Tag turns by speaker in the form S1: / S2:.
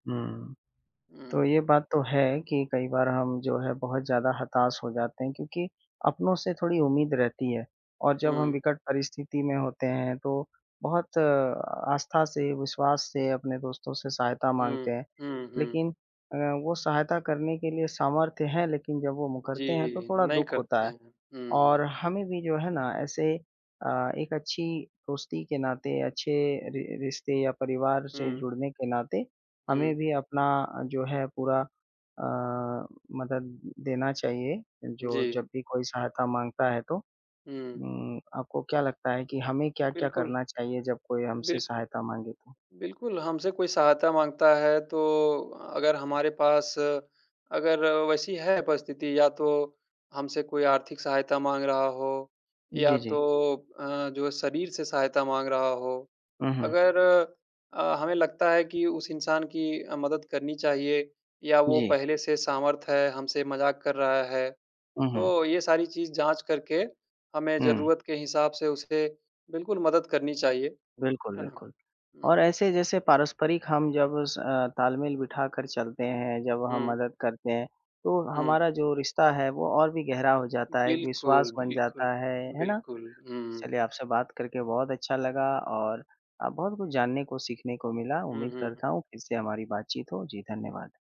S1: हुँ। तो
S2: हुँ।
S1: ये बात तो है कि कई बार हम जो है बहुत ज़्यादा हताश हो जाते हैं, क्योंकि अपनों से थोड़ी उम्मीद रहती है। और जब हम
S2: हुँ।
S1: विकट परिस्थिति में होते हैं तो बहुत आस्था से, विश्वास से अपने दोस्तों से सहायता माँगते
S2: हुँ,
S1: हैं।
S2: हुँ, हुँ।
S1: लेकिन अ, वो सहायता करने के लिए सामर्थ्य हैं लेकिन जब वो मुकरते हैं तो
S2: जी,
S1: थोड़ा
S2: नहीं
S1: दुःख होता
S2: करते
S1: है।
S2: हैं। हुँ,
S1: और
S2: हुँ।
S1: हमें भी जो है ना ऐसे अ, एक अच्छी दोस्ती के नाते, अच्छे रि रिश्ते या परिवार से
S2: हुँ।
S1: जुड़ने के नाते हमें
S2: हुँ।
S1: भी अपना जो है पूरा अ, मदद देना चाहिए, जो
S2: जी।
S1: जब भी कोई सहायता माँगता है तो।
S2: हुँ।
S1: उम, आपको क्या लगता है कि हमें क्या-क्या
S2: बिल्कुल।
S1: करना चाहिए जब कोई हमसे
S2: बिल्क
S1: सहायता माँगे तो?
S2: बिल्कुल हमसे कोई सहायता माँगता है तो अगर हमारे पास अगर वैसी है परिस्थिति या तो हमसे कोई आर्थिक सहायता माँग रहा हो या
S1: जी,
S2: तो
S1: जी।
S2: अ, जो शरीर से सहायता माँग रहा हो,
S1: हुँ, हुँ।
S2: अगर अ, हमें लगता है कि उस इंसान की अ, मदद करनी चाहिए या वो
S1: जी।
S2: पहले से सामर्थ्य है, हमसे मज़ाक कर रहा है
S1: हुँ, हुँ।
S2: तो ये सारी चीज़ जाँच करके हमें
S1: हुँ।
S2: ज़रूरत के हिसाब से उसे बिल्कुल मदद करनी चाहिए।
S1: बिल्कुल,
S2: है ना।
S1: बिल्कुल। और
S2: हुँ।
S1: ऐसे जैसे पारस्परिक हम जब स अ, तालमेल बिठाकर चलते हैं, जब हम
S2: हुँ।
S1: मदद करते हैं तो
S2: हुँ।
S1: हमारा जो रिश्ता है वो और भी गहरा हो जाता है, एक
S2: बिल्कुल,
S1: विश्वास बन
S2: बिल्कुल।
S1: जाता है, है ना।
S2: बिल्कुल, हुँ।
S1: चलिए आपसे बात करके बहुत अच्छा लगा और अ, बहुत कुछ जानने को, सीखने को मिला।
S2: हुँ,
S1: उम्मीद
S2: हुँ,
S1: करता
S2: हुँ।
S1: हूँ फिर से हमारी बातचीत हो। जी, धन्यवाद।